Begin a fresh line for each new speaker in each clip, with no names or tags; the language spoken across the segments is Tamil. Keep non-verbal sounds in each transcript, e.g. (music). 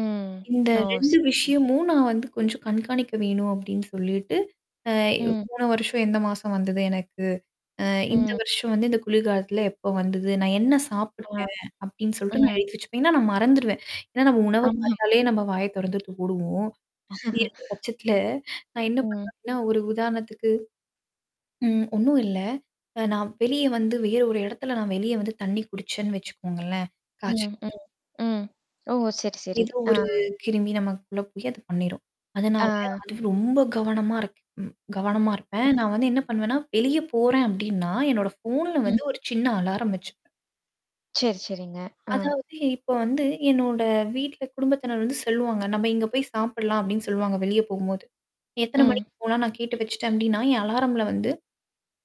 ம்.
இந்த
ஓ!
2
சேரிங்க.
விஷயமும் நான் வந்து கொஞ்சம் கண்காணிக்க வேணும் அப்படின்னு சொல்லிட்டு. அ
ம்.
போன வருஷம் எந்த மாசம் வந்தது எனக்கு? அ இந்த
ம்.
வருஷம் வந்து இந்த குளிர்காலத்தில எப்ப வந்தது? நான் என்ன
ஆ.
சாப்பிட்டேன் அப்படின்னு சொல்லிட்டு நான்
ம்.
எழுத்தி வச்சுப்பேன். ஏன்னா நான் மறந்துருவேன். ஏன்னா நம்ம உணவ
ஆம்மாமா.
பார்த்தாலே நம்ம வாய தொறந்து மூடுவோம். அப்படி இருக்க
(laughs)
பட்சத்தல, நான் என்ன
ம்.
பண்ணுவன்னா. ஒரு உதாரணத்துக்கு. ம். ஒண்ணும் இல்ல. அ நான் வெளிய வந்து வேற ஒரு இடத்துல நான் வெளிய வந்து தண்ணி குடிச்சேன்னு வச்சுக்கோங்களேன். காச்ச
ம்,
வந்துறும்.
ம், ம். ஓ! சேரி, சேரி.
ஏதோ
ஆ.
ஒரு கிருமி நமக்குள்ள போய் அத பண்ணிரும். அதனால
ஆ.
அது ரொம்ப கவனமா இருக் ம் கவனமா இருப்பேன்.
(unintelligible)
நான் வந்து என்ன பண்ணுவேன்னா, வெளிய போறேன் அப்டின்னா, என்னோட ஃபோன்ல வந்து
ம்.
ஒரு சின்ன அலாரம் வச்சுப்பே
சேரி, சேரிங்க. அ.
அதாவது இப்ப வந்து என்னோட வீட்ல குடும்பத்தினர் வந்து செல்லுவாங்க. நம்ம இங்க போய் சாப்பில்லாம் அப்டின்னு சொல்லுவாங்க வெளிய போகும்போது. எத்தனை
ம்.
மணிக்கு போலாம் நான் கேட்டு வச்சுட்டேன் அப்டின்னா, என் அலாரம்ல வந்து.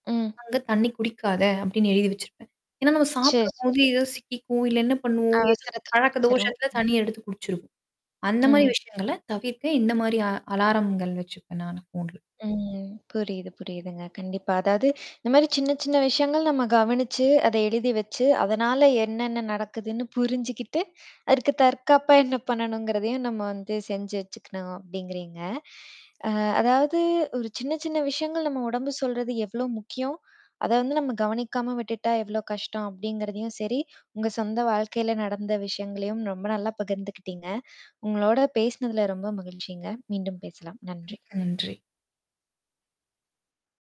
ம்.
அங்க தண்ணி குடிக்காத அப்டின்னு எழுதி வச்சிருப்பேன். ஏன்னா, நம்ம
சேரி,
சாப்பிடும்போது
சேரி.
ஏதோ சிக்கிக்கும், இல்ல என்ன பண்ணுவோம்? ஏதோ
அவசரத்துல
பழக்க
குடிச்சுரும்.
தோஷத்தில தண்ணிய எடுத்து குடிச்சிருவோம். அந்த மாரி
ம்.
விஷயங்கள தவிர்க்க இந்த மாரி அ அலாரங்கள் வச்சுப்பேன், நானு போன்ல.
ம். ம். புரியுது, புரியுதுங்க. கண்டிப்பா. அதாவது (inhales) இந்த மாரி சின்ன, சின்ன விஷயங்கள் நம்ம கவனிச்சு, அத எழுதி வச்சு, அதனால என்னென்ன நடக்குதுன்னு புரிஞ்சுக்கிட்டு, அதுக்கு தற்காப்பா என்ன பண்ணணுங்கிறதையும் நம்ம வந்து செஞ்சு வச்சுக்கணும் அப்படிங்கிறீங்க. (inhales) அ அதாவது ஒரு சின்ன, சின்ன விஷயங்கள் நம்ம உடம்பு சொல்றது எவ்ளோ முக்கியம்? (inhales) அத வந்து நம்ம கவனிக்காம விட்டுட்டா எவ்வளோ கஷ்டம் அப்படிங்கிறதையும் சேரி, உங்க சொந்த வாழ்க்கையில நடந்த விஷயங்களையும் ரொம்ப நல்லா பகிர்ந்துக்கிட்டீங்க. உங்களோட பேசினதுல ரொம்ப மகிழ்ச்சிங்க. மீண்டும் பேசலாம். நன்றி.
மிக்க நன்றி.